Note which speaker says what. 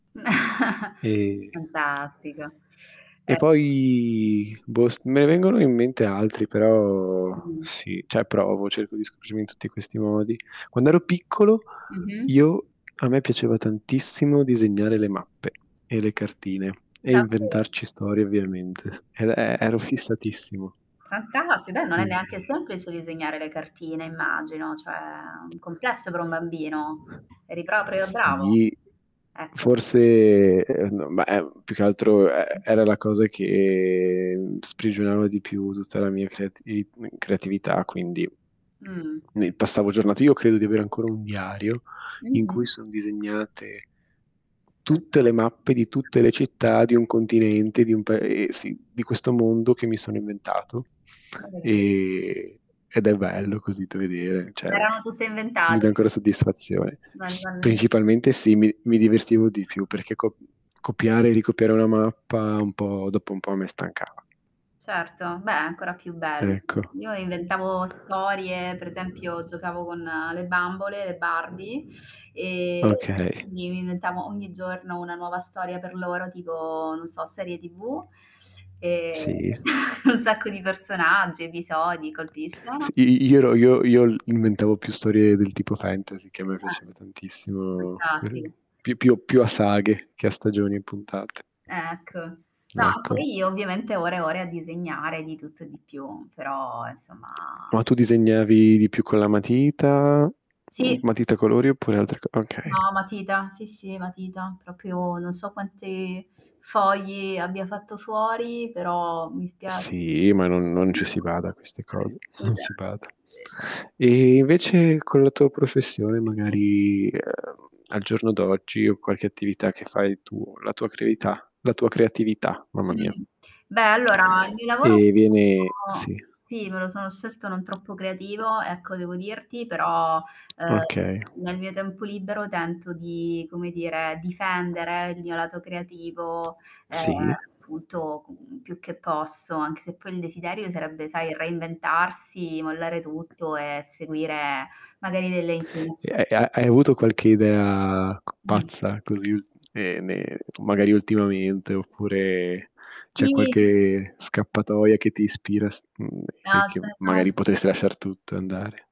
Speaker 1: E
Speaker 2: Fantastico.
Speaker 1: E
Speaker 2: Eh
Speaker 1: poi boh s me ne vengono in mente altri però
Speaker 2: Mh-mh.
Speaker 1: sì, cioè provo, cerco di scoprirmi in tutti questi modi. Quando ero piccolo,
Speaker 2: Mh-mh.
Speaker 1: io a me piaceva tantissimo disegnare le mappe, e le cartine e
Speaker 2: Davvero.
Speaker 1: inventarci storie ovviamente, e e ero fissatissimo.
Speaker 2: Fantasti dai, non è neanche
Speaker 1: Quindi
Speaker 2: semplice disegnare le cartine immagino, cioè, è un complesso per un bambino. Eri proprio bravo!
Speaker 1: Sì,
Speaker 2: Ecco.
Speaker 1: forse n ma è più che altro e era la cosa che sprigionava di più tutta la mia creativi creatività quindi,
Speaker 2: Mh.
Speaker 1: ne passavo giornate io credo di avere ancora un diario in cui
Speaker 2: Mh-mh.
Speaker 1: sono disegnate tutte le mappe di
Speaker 2: [unintelligible]
Speaker 1: tutte le città di un continente, di un pae sì, di questo mondo che mi sono inventato,
Speaker 2: Magari
Speaker 1: e ed è bello così da vedere,
Speaker 2: Ma
Speaker 1: cioè,
Speaker 2: erano tutte
Speaker 1: mi dà
Speaker 2: inventate?
Speaker 1: ancora soddisfazione. S
Speaker 2: [unintelligible]
Speaker 1: principalmente sì, mi mi divertivo di più perché co copiare e ricopiare una mappa un po' dopo un po' a me stancava.
Speaker 2: Certo, beh ancora più bello.
Speaker 1: Ecco.
Speaker 2: Io inventavo storie, per esempio, giocavo con le bambole, le Barbie e
Speaker 1: Okay.
Speaker 2: mi vi inventavo ogni giorno una nuova storia per loro, tipo non so, serie TV, e
Speaker 1: Sì.
Speaker 2: un sacco di personaggi, episodi, colpi di
Speaker 1: S
Speaker 2: scena
Speaker 1: i io ero io io inventavo più storie del tipo fantasy, che a me
Speaker 2: Eh.
Speaker 1: piaceva tantissimo que
Speaker 2: Fantastico.
Speaker 1: più più più a saghe che a stagioni e puntate.
Speaker 2: Ecco. No,
Speaker 1: Ecco.
Speaker 2: poi, ovviamente, ore e ore a disegnare di tutto e di più, però, insomma
Speaker 1: Ma tu disegnavi di più con la matita, mhmm,
Speaker 2: Sì.
Speaker 1: matita a colori, oppure altre c okay.
Speaker 2: No, matita. Sì, sì, matita. Proprio non so quante fogli abbia fatto fuori, però mi spiace.
Speaker 1: Sì, ma non non ci si
Speaker 2: [unintelligible]
Speaker 1: bada a queste cose, non si bada.
Speaker 2: [unintelligible]
Speaker 1: E invece, con la tua professione magari, ehm, al giorno d'oggi, o qualche attività che fai tuo la tua creatività la tua creatività, mamma mia.
Speaker 2: Mh-mh. Beh, allora, il mio lavoro
Speaker 1: Ehm, viene sì.
Speaker 2: [unintelligible] sì, me lo sono scelto non troppo creativo, ecco, devo dirti però, ehm,
Speaker 1: Okay.
Speaker 2: nel mio tempo libero tento di come dire, difendere il mio lato creativo, ehm,
Speaker 1: Sì.
Speaker 2: appunto co più che posso, anche se poi il desiderio sarebbe, sai, reinventarsi, mollare tutto e seguire magari delle inclinazio
Speaker 1: E e ha hai avuto qualche idea c
Speaker 2: Mh.
Speaker 1: pazza, così ne ne magari ultimamente, oppure, c'è
Speaker 2: [unintelligible]
Speaker 1: qualche scappatoia che ti ispira s mhmm, e
Speaker 2: Ah,
Speaker 1: che
Speaker 2: ce ne sono
Speaker 1: magari potresti lasciar tutto andare?